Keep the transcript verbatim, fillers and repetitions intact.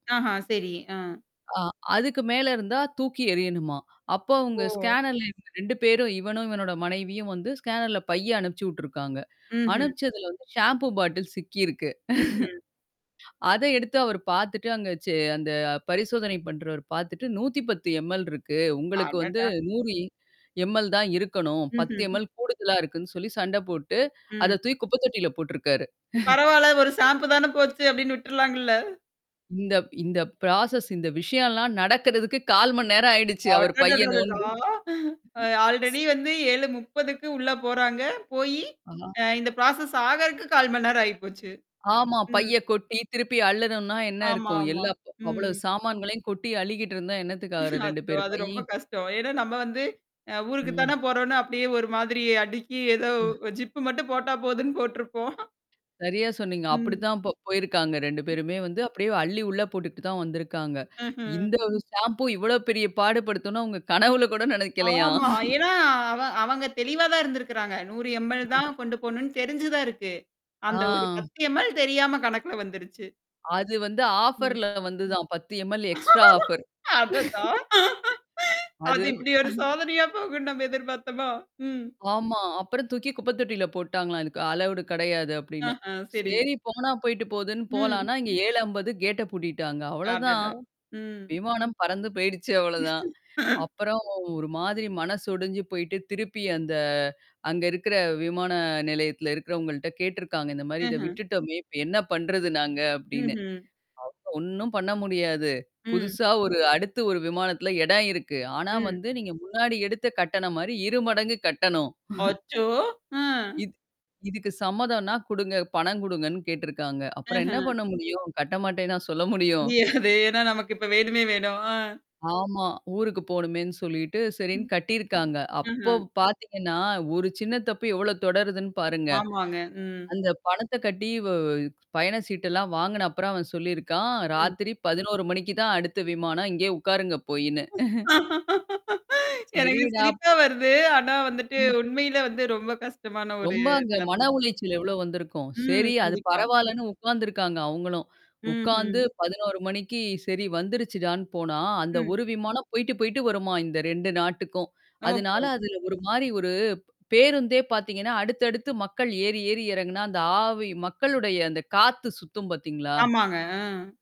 ஆஹ! சரி. அ. அ அதுக்கு மேல இருந்தா தூக்கி எரியணுமாம். அப்போ அவங்க ஓ! ஸ்கேனர்ல இருக்கற ரெண்டு பேரும் இவனும், இவனோட மனைவியும் வந்து ஸ்கேனர்ல பைய அனுப்பிச்சு விட்டுருக்காங்க. ம்ஹ்ம். அனுப்பிச்சதுல வந்து ஷாம்பூ பாட்டில் சிக்கியிருக்கு. ம்ஹ்ம். அத எடுத்து அவர் பார்த்துட்டு அங்க செ அந்த பரிசோதனை பண்றவர் பாத்துட்டு, நூத்திப்பது எம்.எல் இருக்கு. உங்களுக்கு வந்து அடடா! நூறு எம்.எல் தான் இருக்கணும். பத்து ம்ஹ்ம். எம்எல் கூடுதலா இருக்குன்னு சொல்லி சண்டை போட்டு ம். அத தூக்கி குப்ப தொட்டியில போட்டுருக்காரு. பரவால்ல. ஒரு ஷாம்பு தான போச்சு அப்படின்னு விட்டுருலாங்கல்ல. இந்த இந்த ப்ராசஸ் இந்த விஷயம்லாம் நடக்கிறதுக்கு கால் மணிநேரம் ஆயிடுச்சு அவர் பைய அடடடடா! நோண்டி ஆல்ரெடி வந்து ஏழு முப்பதுக்கு உள்ள போறாங்க. போயி, அதான். அ இந்த ப்ராசஸ் ஆகுறதுக்கு கால் மணி நேரம் ஆயிப்போச்சு. ஆமா. ம். பைய கொட்டி திருப்பி அள்ளணும்னா என்ன இருக்கும்? ஆமாமா. எல்லா ப் அவ்ளோ ம். சாமான்களையும் கொட்டி அள்ளிகிட்டு இருந்தா என்னத்துக்காகறது ரெண்டு அச்சோ! பேரு அது ரொம்ப பையும் கஷ்டம். ஏன்னா நம்ம வந்து அ ஊருக்கு ம். தானே போறோம்னு அப்படியியே ஒரு மாதிரி அடுக்கி ஏதோ ஜிப் மட்டும் போட்டா போதுன்னு போட்டுருப்போம். சரியா சொன்னீங்க. ம். அப்படித்தான் அப்ப போயிருக்காங்க. ரெண்டு ம். பேருமே வந்து அப்படியியே அள்ளி உள்ள போட்டுகிட்டு தான் வந்திருக்காங்க. ஆஹ. இந்த ஒரு ஷாம்பு இவ்வளோ பெரிய பாடுபடுத்துன்னு அவங்க கனவுல கூட நெனைக்கலையாம்? ஆமா. ஏன்னா அவ அவங்க தெளிவா தான் இருந்திருக்கிறாங்க. நூறு எம். எல் ம். தான் கொண்டு போணும்னு தெரிஞ்சு தான் இருக்கு. அந்த ஒரு ஆ. பத்து எம். எல் தெரியாம கணக்குல வந்துருச்சு. அது வந்து ம். ஆஃபர்ல வந்துதான். பத்து எம். L extra offer. அடடா. அது அது இப்படி ஒரு சோதனையா போகும்ன்னு நம்ம எதிர்பாத்தோமா? ம். ஆமா. அப்பறம் தூக்கி குப்பை தொட்டில போட்டாங்களாம். இதுக்கு அலௌடு கடையாது அப்படின்னு. ஆஹ சரி. சரி போனா போயி்ட்டு போதுன்னு ம். போலான்னா, இங்க ஏழு அம்பது கேட்ட பூட்டிட்டாங்க. அவ்ளோதான். அடடா! ம். விமானம் பறந்து போயிடுச்சு அவ்வளோதான். அப்புறம் ஒரு மாதிரி மனசு உடைஞ்சு போயி்ட்டு, திருப்பி அந்த அங்க இருக்கிற விமான நிலையத்தில இருக்கிறவங்கள்ட்ட கேட்டுருக்காங்க. இந்த மாரி இத ம்ஹ்ம். விட்டுட்டோமே, இப்ப என்ன பண்றது நாங்க அப்படின்னு. ம்ஹ்ம். அவங்க ஒண்ணும் பண்ண முடியாது! ம். புதுசா ஒரு அடுத்து ஒரு விமானத்துல எடம் இருக்கு. ஆனா ம். வந்து நீங்க முன்னாடி எடுத்த கட்டணம் மாரி இரு மடங்கு கட்டணும். அச்சோ! ஆ இது இதுக்கு சம்மதம்னா குடுங்க, பணம் குடுங்கன்னு கேட்டுருக்காங்க. அப்புறம் என்ன ஆஹ. பண்ண முடியும்? கட்ட மாட்டேன்னா சொல்ல முடியும்? முடியாது. ஏன்னா நமக்கு இப்ப வேணுமே வேணும். ஆ. ஆமா. ஊருக்கு போணுமேன்னு சொல்லிட்டு, சரின்னு ம். கட்டியிருக்காங்க. அப்போ ம்ஹ்ம். பாத்தீங்கன்னா, ஒரு சின்ன தப்பு எவ்ளோ தொடருதுன்னு பாருங்க. ஆமாங்க. ம். அந்த பணத்த கட்டி வ பயண சீட்டெல்லாம் வாங்குன அப்புறம், அவன் சொல்லியிருக்கான், ம். ராத்திரி பதினோரு மணிக்கு தான் அடுத்த விமானம். இங்கேயே உட்காருங்க போயின்னு. எனக்கு சரிடா ப் சிரிப்பா வருது. ஆனா வந்துட்டு ம். உண்மையில வந்து ரொம்ப கஷ்டமான ஒரு ரொம்ப அங்க நிலைமை மன தான். உளைச்சல் எவ்வளோ வந்திருக்கும்? ம். செரி, அது கண்டிப்பா. பரவால்லன்னு உக்காந்துருக்காங்க அவங்களும். உக்காந்து ம்ஹ்ம். பதினோரு மணிக்கு சரி வந்துருச்சுடான்னு போனா, அந்த ம். ஒரு விமானம் போயிட்டு, போயிட்டு வருமாம், இந்த ரெண்டு நாட்டுக்கும். அதுனால ஓஹோ! அதுல ஒரு மாரி ஒரு பேருந்தே பாத்தீங்கன்னா, அடுத்த அடுத்து மக்கள் ஏறி, ஏறி எறங்குனா, அந்த ஆவி மக்களுடைய அந்த காத்து சுத்தும் பாத்தீங்களா? ஆமாங்க. அ.